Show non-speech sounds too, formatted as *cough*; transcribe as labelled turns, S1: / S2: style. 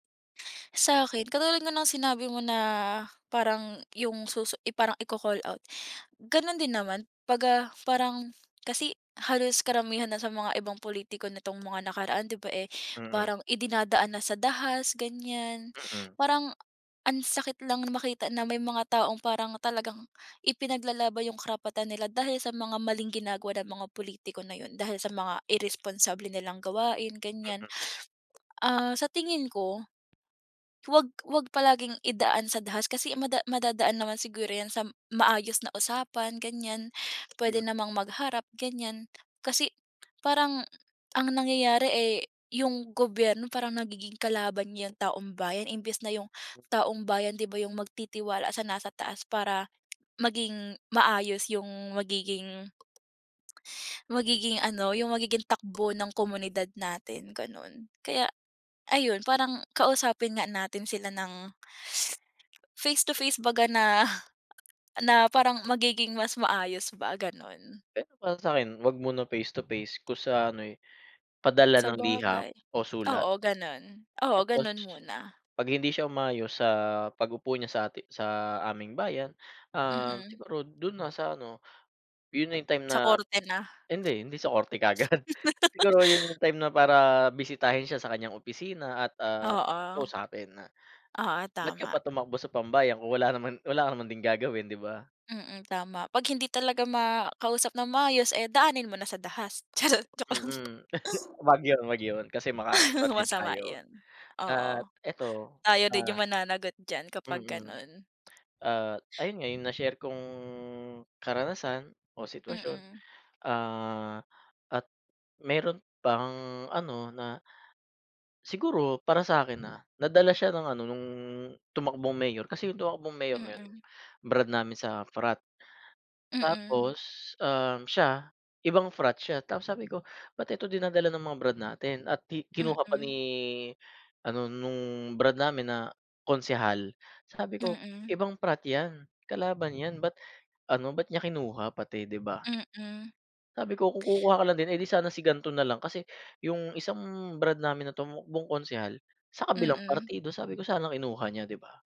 S1: Sa'kin, katulad nga ng sinabi mo na parang yung susu parang i-call out, ganun din naman pag, ah, parang kasi halos karamihan na sa mga ibang pulitiko nitong mga nakaraan di ba, eh,
S2: Mm.
S1: parang idinadaan na sa dahas ganiyan,
S2: Mm.
S1: parang ang sakit lang na makita na may mga taong parang talagang ipinaglalaban yung karapatan nila dahil sa mga maling ginagawa ng mga pulitiko na yun, dahil sa mga irresponsable nilang gawain ganiyan.
S2: Mm.
S1: Ah, sa tingin ko, 'wag 'wag palaging idaan sa dahas kasi mada madadaan naman siguro yan sa m maayos na usapan ganiyan, puwede
S2: Hmm.
S1: namang magharap ganiyan, kasi parang ang nangyayari, eh, yung gobyerno parang nagiging kalaban niya taumbayan imbes na yung taumbayan di ba yung magtitiwala sa nasa taas para maging maayos yung magiging magiging ano, yung magiging takbo ng komunidad natin ganon, kaya ayun parang kausapin nga natin sila ng face to face baga na na parang magiging mas maayos ba ganun.
S2: Pero para sakin, 'wag muna face to face kung sa ano, eh, padala ng liham
S1: Sabagay,
S2: o sulat.
S1: oo ganun, oo,
S2: Tapos,
S1: ganun muna.
S2: pag hindi siya umayos sa pag-upo niya sa ati sa aming bayan, ah,
S1: Mm.
S2: siguro dun na sa ano, yun na yung time
S1: Sa
S2: na
S1: korte na.
S2: hindi hindi sa korte kaagad, siguro yun na
S1: *laughs*
S2: yung time na para bisitahin siya sa kanyang opisina at, ah,
S1: Oo.
S2: kausapin na,
S1: Oo,
S2: ba't ka
S1: tama.
S2: pa tumakbo sa pambayang kung wala naman wala ka naman gagawin di ba?
S1: Mm, tama pag hindi talaga makausap ng maayos, eh, daanin mo na sa dahas. Charot, joke lang.
S2: Mm, 'wag yun 'wag yun, kasi makakasuhan
S1: *chuckles*
S2: din
S1: Masama
S2: tayo.
S1: yun,
S2: At
S1: oo.
S2: eto,
S1: Tayo din
S2: ah
S1: yung mananagot diyan, kapag
S2: Mm.
S1: ganon.
S2: Ah, ayun nga yung na-share kung karanasan o sitwasyon,
S1: Mm.
S2: ah, at meron pang ano na Siguro para sa akin, ah, nadala siya ng ano nung tumakbong mayor kasi yung tumakbong mayor na yun,
S1: Mm.
S2: brad namin sa frat.
S1: Mm.
S2: Tapos, um, siya ibang frat siya, tapos sabi ko ba't ito dinadala ng mga brad natin at ki kinuha pa
S1: Mm.
S2: ni ano nung brad namin na konsehal, sabi ko
S1: Mm.
S2: ibang frat yan, kalaban yan ba't ano, ba't niya kinuha pati, di ba?
S1: Mm.
S2: Sabi ko kung kukuha ka lang din, eh, di sana si gan'to nalang kasi, yung isang brad namin na tumakbong konsehal, sa kabilang
S1: Mm.
S2: partido, sabi ko sana kinuha niya di ba?